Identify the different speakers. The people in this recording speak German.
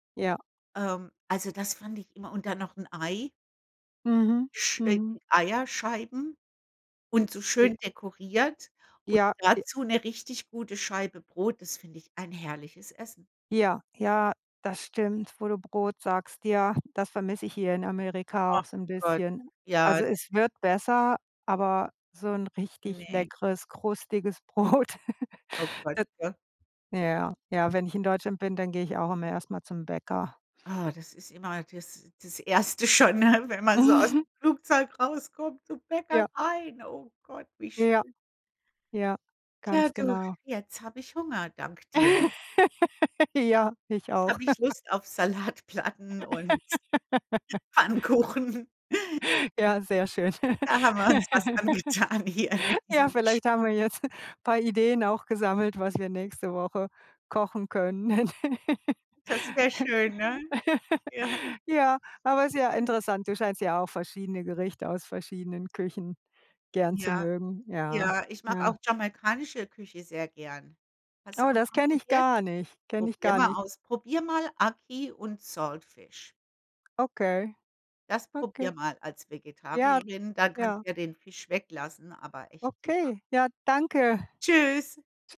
Speaker 1: Ja.
Speaker 2: Ähm, also das fand ich immer und dann noch 'n Ei
Speaker 1: Mhm.
Speaker 2: Sch äh,
Speaker 1: Mhm.
Speaker 2: Eierscheiben und so
Speaker 1: E
Speaker 2: schön dekoriert und
Speaker 1: Ja, e
Speaker 2: dazu 'ne richtig gute Scheibe Brot. Das finde ich ein herrliches Essen.
Speaker 1: Ja, ja, das stimmt, wo du Brot sagst. Ja, das vermisse ich hier in Amerika
Speaker 2: Ach,
Speaker 1: auch so 'n
Speaker 2: Gott!
Speaker 1: bisschen.
Speaker 2: Ja
Speaker 1: Also, es wird besser, aber so 'n richtig
Speaker 2: Ne.
Speaker 1: leckeres, krustiges Brot,
Speaker 2: Oh, Gott!
Speaker 1: d
Speaker 2: Ja
Speaker 1: ja, ja, wenn ich in Deutschland bin, dann gehe ich auch immer erst mal zum Bäcker.
Speaker 2: Ah, das ist immer das das Erste schon, ne? Wenn man so ausm
Speaker 1: Mhm.
Speaker 2: Flugzeug rauskommt, zum Bäcker
Speaker 1: Ja.
Speaker 2: rein. Oh Gott, wie
Speaker 1: Ja.
Speaker 2: schön.
Speaker 1: Ja,
Speaker 2: Tja,
Speaker 1: ganz
Speaker 2: du,
Speaker 1: genau.
Speaker 2: jetzt habe ich Hunger, dank dir.
Speaker 1: Ja, ich
Speaker 2: Da
Speaker 1: auch.
Speaker 2: habe ich Lust auf Salatplatten und Pfannkuchen.
Speaker 1: Ja, sehr schön.
Speaker 2: Da haben wir uns was angetan hier mit
Speaker 1: Ja,
Speaker 2: diesem
Speaker 1: vielleicht haben
Speaker 2: Gesprä
Speaker 1: wir jetzt paar Ideen auch gesammelt, was wir nächste Woche kochen können.
Speaker 2: Das wär schön, ne? Ja.
Speaker 1: Ja, aber ist ja interessant. Du scheinst ja auch verschiedene Gerichte aus verschiedenen Küchen gern zu
Speaker 2: Ja.
Speaker 1: mögen. Ja,
Speaker 2: Ja, ich mag auch
Speaker 1: ja.
Speaker 2: jamaikanische Küche sehr gern. Hast du
Speaker 1: Oh,
Speaker 2: auch
Speaker 1: das
Speaker 2: schon
Speaker 1: kenne ich
Speaker 2: probiert?
Speaker 1: gar nicht. Kenne ich
Speaker 2: Probier
Speaker 1: gar
Speaker 2: mal
Speaker 1: nicht.
Speaker 2: aus. Probier mal Aki und Saltfish.
Speaker 1: Okay,
Speaker 2: Das probier
Speaker 1: okay.
Speaker 2: mal als
Speaker 1: Ja,
Speaker 2: Vegetarierin, dann kannst
Speaker 1: ja.
Speaker 2: ja den Fisch weglassen, aber echt super.
Speaker 1: Okay, ja, danke.
Speaker 2: Tschüss.